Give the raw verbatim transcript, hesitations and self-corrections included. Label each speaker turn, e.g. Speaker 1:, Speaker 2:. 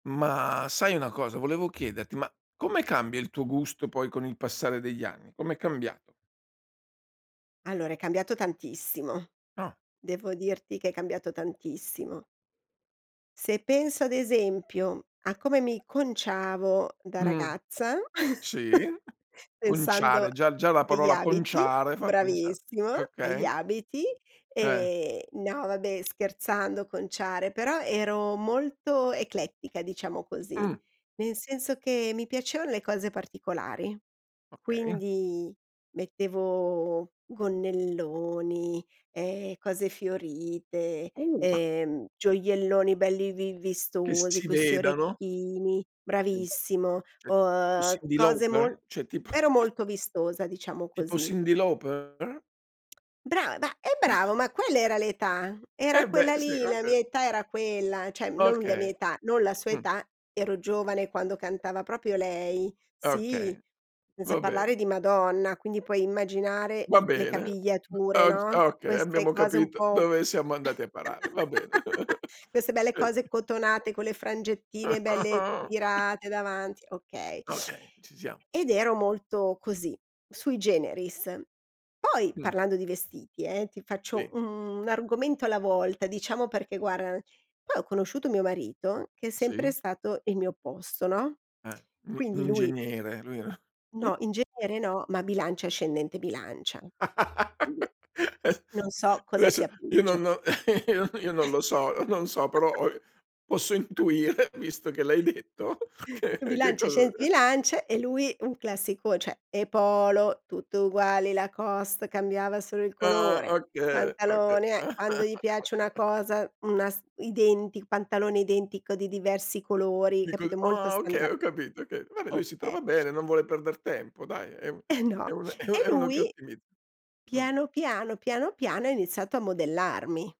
Speaker 1: Ma sai una cosa? Volevo chiederti, ma come cambia il tuo gusto poi con il passare degli anni? Com'è cambiato?
Speaker 2: Allora, è cambiato tantissimo.
Speaker 1: Ah.
Speaker 2: Devo dirti che è cambiato tantissimo. Se penso ad esempio a come mi conciavo da
Speaker 1: Mh.
Speaker 2: ragazza,
Speaker 1: Sì,
Speaker 2: pensando
Speaker 1: conciare, già già la
Speaker 2: agli
Speaker 1: parola
Speaker 2: abiti
Speaker 1: "conciare" fa pensa
Speaker 2: bravissimo, agli
Speaker 1: okay.
Speaker 2: abiti.
Speaker 1: Eh.
Speaker 2: Ehm, no, vabbè, scherzando, conciare, però ero molto eclettica, diciamo così.
Speaker 1: Mh.
Speaker 2: Nel senso che mi piacevano le cose particolari,
Speaker 1: Okay.
Speaker 2: quindi mettevo gonnelloni, ehm, cose fiorite,
Speaker 1: Uh!
Speaker 2: ehm, gioielloni belli vi
Speaker 1: Che
Speaker 2: vistosi,
Speaker 1: si
Speaker 2: questi
Speaker 1: vedano?
Speaker 2: orecchini.
Speaker 1: Mh,
Speaker 2: Bravissimo.
Speaker 1: cioè tipo
Speaker 2: Uhm,
Speaker 1: Cindy
Speaker 2: cose mol
Speaker 1: Lauper? Cioè tipo
Speaker 2: ero molto vistosa, diciamo
Speaker 1: Tipo
Speaker 2: così.
Speaker 1: Cindy Lauper, uh?
Speaker 2: Bra ma eh, bravo, ma quella era l'età. Era
Speaker 1: E beh
Speaker 2: quella
Speaker 1: sì,
Speaker 2: lì, la mia
Speaker 1: okay.
Speaker 2: età era quella, cioè non la mia
Speaker 1: Okay,
Speaker 2: età, non la sua
Speaker 1: mh.
Speaker 2: età. Ero giovane quando cantava proprio lei, sì,
Speaker 1: Okay.
Speaker 2: senza
Speaker 1: va
Speaker 2: parlare
Speaker 1: bene.
Speaker 2: di Madonna, quindi puoi immaginare
Speaker 1: Va
Speaker 2: i le
Speaker 1: bene.
Speaker 2: capigliature,
Speaker 1: O
Speaker 2: no,
Speaker 1: okay,
Speaker 2: queste
Speaker 1: abbiamo
Speaker 2: cose un
Speaker 1: capito
Speaker 2: po'
Speaker 1: dove siamo andati a parare, va bene.
Speaker 2: queste belle
Speaker 1: Eh
Speaker 2: cose cotonate, con le frangettine belle tirate davanti, okay.
Speaker 1: Okay, ci siamo.
Speaker 2: Ed ero molto così, sui generis. Poi,
Speaker 1: Mh.
Speaker 2: parlando di vestiti, eh, ti faccio
Speaker 1: Sì.
Speaker 2: un argomento alla volta, diciamo, perché guarda poi ho conosciuto mio marito, che è sempre
Speaker 1: Sì.
Speaker 2: stato il mio opposto, no.
Speaker 1: Eh, un un
Speaker 2: Quindi lui
Speaker 1: ingegnere vero?
Speaker 2: No, in genere no, ma bilancia ascendente bilancia, quindi non so cosa
Speaker 1: Adesso
Speaker 2: sia
Speaker 1: io non
Speaker 2: peggio.
Speaker 1: non io no io non lo so non so, però or posso intuire intuire, visto che l'hai detto che che
Speaker 2: Bilancia,
Speaker 1: cos'e
Speaker 2: ascendente Bilanc e lui un classico, ceh le polo, tutte uguali, Lacoste, cambiava solo il
Speaker 1: Ah
Speaker 2: colore,
Speaker 1: okay, okay.
Speaker 2: pantalone, eh. Quando gli piace una cosa, n una s identic pantalone identico di diversi colori,
Speaker 1: Dico:
Speaker 2: capito, molto
Speaker 1: “Ah, okay,
Speaker 2: standard.
Speaker 1: ho capito, okay, vabbè, lui si
Speaker 2: Okay.
Speaker 1: trova bene, non vuole perder tempo, dai, è un
Speaker 2: Eh,
Speaker 1: è
Speaker 2: no.
Speaker 1: un
Speaker 2: E
Speaker 1: è uno che
Speaker 2: lui,
Speaker 1: ottimizza.” Mh.
Speaker 2: piano piano, piano piano, ha iniziato a modellarmi.